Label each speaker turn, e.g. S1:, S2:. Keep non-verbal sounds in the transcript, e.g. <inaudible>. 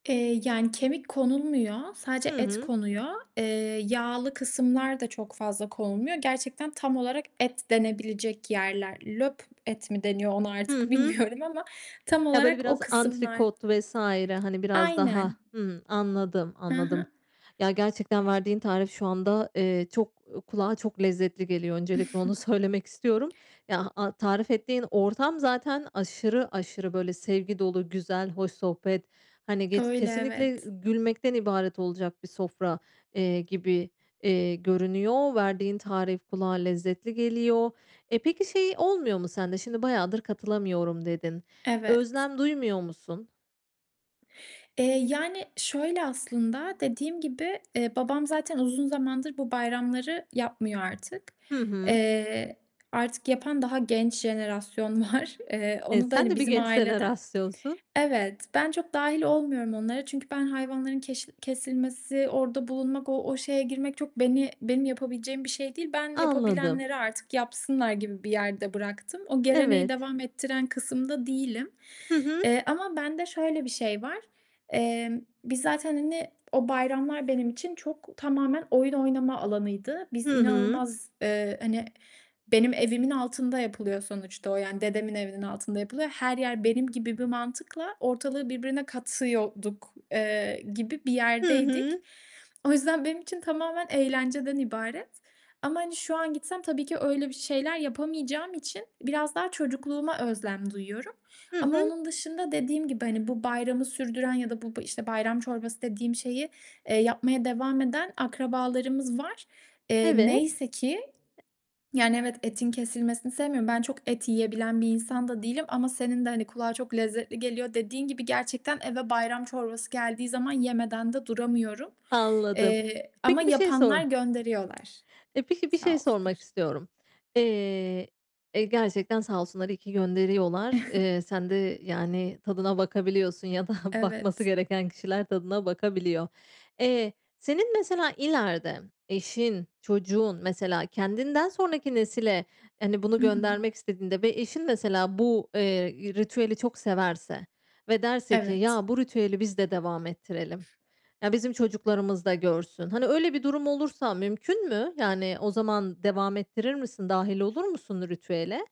S1: Eee, yani kemik konulmuyor,
S2: Hı
S1: sadece et
S2: hı.
S1: konuyor. Eee, yağlı kısımlar da çok fazla konulmuyor. Gerçekten tam olarak et denebilecek yerler. Löp et mi deniyor onu
S2: Hı
S1: artık
S2: hı.
S1: bilmiyorum <chuckles> ama tam
S2: Ya böyle
S1: olarak o
S2: biraz
S1: kısımlar.
S2: antrikot vs. hani biraz daha
S1: Aynen.
S2: Hımm, anladım,
S1: Hı
S2: anladım.
S1: hı.
S2: Ya gerçekten verdiğin tarif şu anda, eee, çok kulağa çok lezzetli geliyor. Öncelikle onu
S1: <chuckles>
S2: söylemek istiyorum. Ya a tarif ettiğin ortam zaten aşırı aşırı böyle sevgi dolu, güzel, hoş sohbet. Hani ge
S1: Öyle,
S2: kesinlikle
S1: evet.
S2: gülmekten ibaret olacak bir sofra, eee, gibi, iii, görünüyor. Verdiğin tarif kulağa lezzetli geliyor. E, peki şey olmuyor mu sende? Şimdi bayadır katılamıyorum dedin.
S1: Evet.
S2: Özlem duymuyor musun?
S1: Eee, yani, şöyle aslında, dediğim gibi babam, eee, zaten uzun zamandır bu bayramları yapmıyor artık.
S2: Hı hı.
S1: Eee, artık yapan daha genç jenerasyon var. <chuckles> Eee,
S2: E,
S1: onu da
S2: sen
S1: hani
S2: de bir
S1: bizim
S2: <unintelligible>
S1: aileden
S2: rastlıyorsun.
S1: Evet. Ben çok dâhil olmuyorum onlara. Çünkü ben hayvanların keş kesilmesi, orada bulunmak, o şe şeye girmek çok beni benim yapabileceğim bir şey değil. Ben
S2: Anladım.
S1: yapabilenleri artık yapsınlar gibi bir yerde bıraktım. O geleneği
S2: Evet.
S1: devam ettiren kısımda değilim,
S2: Hı hı.
S1: eee, ama bende şöyle bir şey var. Emm, biz zaten hani o bayramlar benim için, çok, tamamen oyun oynama alanıydı. Biz
S2: Hı hı.
S1: inanılmaz, ııı, hani benim evimin altında yapılıyor sonuçta o yani. Dedemin evinin altında yapılıyor. Her yer benim gibi bir mantıkla ortalığı birbirine katıyorduk, eee, gibi bir
S2: Hı
S1: yerdeydik.
S2: hı.
S1: O yüzden benim için tamamen eğlenceden ibaret ama hani şu an gitsem tabii ki öyle bir şeyler yapamayacağım için biraz daha çocukluğuma özlem duyuyorum
S2: Hı
S1: ama
S2: hı.
S1: onun dışında dediğim gibi hani bu bayramı sürdüren ya da bu bu işte bayram çorbası dediğim şeyi, eee, yapmaya devam eden akrabalarımız var, eee,
S2: Evet.
S1: neyse ki
S2: E
S1: Yani evet etin kesilmesini sevmiyorum. Ben çok et yiyebilen bir insan da değilim ama senin de hani kulağa çok lezzetli geliyor dediğin gibi. Gerçekten eve bayram çorbası geldiği zaman yemeden de duramıyorum.
S2: Anladım.
S1: Eee, ama
S2: Peki bir şey sor
S1: yapanlar gönderiyorlar.
S2: E, peki bir
S1: Sağ
S2: şey sormak
S1: olsunlar.
S2: istiyorum. Eee, e, gerçekten sağ olsunlar iyi ki gönderiyorlar.
S1: <chuckles>
S2: Iıı, sen de yani, tadına bakabiliyorsun ya da bakması
S1: Evet.
S2: gereken kişiler tadına bakabiliyor. Eee, senin mesela ileride eşin, çocuğun mesela kendinden sonraki nesile hani bunu
S1: Hı hı.
S2: göndermek istediğinde ve eşin de mesela bu, eee, ritüeli çok severse ve derse ki,
S1: Evet.
S2: ya bu ritüeli biz de devam ettirelim. Ya bizim çocuklarımız da görsün. Hani öyle bir durum olursa mümkün mü? Yani o zaman devam ettirir misin? Dâhil olur musun ritüele?